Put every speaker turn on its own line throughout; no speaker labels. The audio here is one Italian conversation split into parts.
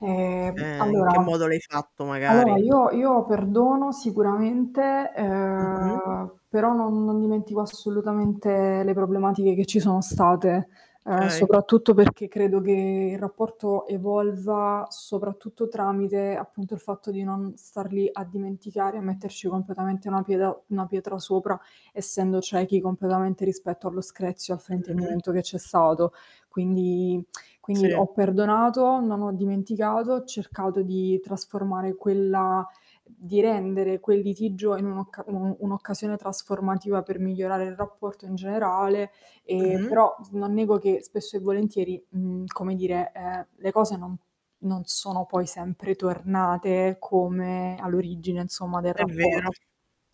Ehm,
Eh, in che
allora,
modo l'hai fatto,
allora
magari.
io io perdono sicuramente,
Mh-mh.
ehm, però non non dimentico assolutamente le problematiche che ci sono state, ehm,
Okay.
soprattutto perché credo che il rapporto evolva, soprattutto tramite appunto il fatto di non star lì a dimenticare, a metterci completamente una pieda una pietra sopra, essendo ciechi completamente rispetto allo screzio, al
Mh-mh.
fraintendimento che c'è stato. Quindi quindi
Sì.
ho perdonato, non ho dimenticato, ho cercato di trasformare quella di rendere quel litigio in un'occa un un un'occasione trasformativa per migliorare il rapporto in generale, e
Mh-mh.
però non nego che spesso e volentieri, mhmm, come dire, ehm, le cose non non sono poi sempre tornate come all'origine, insomma, del
È vero.
rapporto.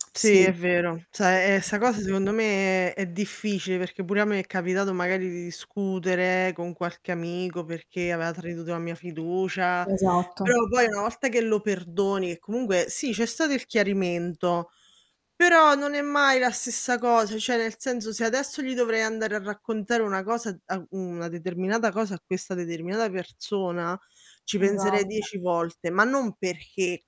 Sì, è
Sì.
vero. Cioè e sta cosa secondo me è è difficile, perché pure a me è capitato magari di discutere, con qualche amico, perché aveva tradito la mia fiducia,
Esatto.
però poi una volta che lo perdoni e comunque sì, c'è stato il chiarimento, però non è mai la stessa cosa, cioè nel senso se adesso gli dovrei andare a raccontare una cosa a uhm, una determinata cosa a questa determinata persona, ci penserei
Esatto.
10 volte, ma non perché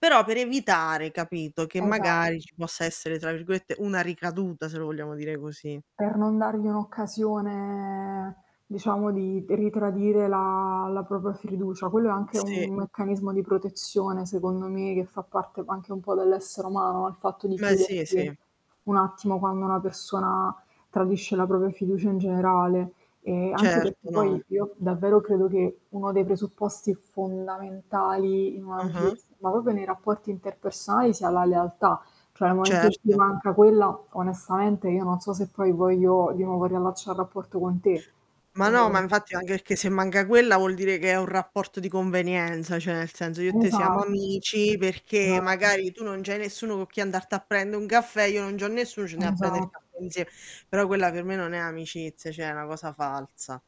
però per evitare, capito, che magari
Esatto.
ci possa essere, tra virgolette, "una ricaduta", se lo vogliamo dire così.
Per non dargli un'occasione, diciamo, di ritradire la la propria fiducia. Quello è anche
Sì.
un meccanismo di protezione secondo me, che fa parte anche un po' dell'essere umano, il fatto di
Beh sì,
chiuderci
sì.
un attimo quando una persona tradisce la propria fiducia in generale. E, anche perché
Certo, no.
poi io davvero credo che uno dei presupposti fondamentali in
Ah-ah.
un'amicizia, ma proprio nei rapporti interpersonali sia la lealtà, cioè nel momento in cui
Certo.
manca quella, onestamente io non so se poi voglio di nuovo riallaccià il rapporto con te.
Ma no, ma
Eh
infatti anche perché se manca quella vuol dire che è un rapporto di convenienza, cioè nel senso io e te siamo
Esatto.
amici perché
Esa
magari tu non c'hai nessuno co' chi andarti a prendè un caffè, io non c'ho nessuno, ci andiamo a prendere il
Esat
caffè insiem però quella per me non è amicizia, cioè è una cosa falsa.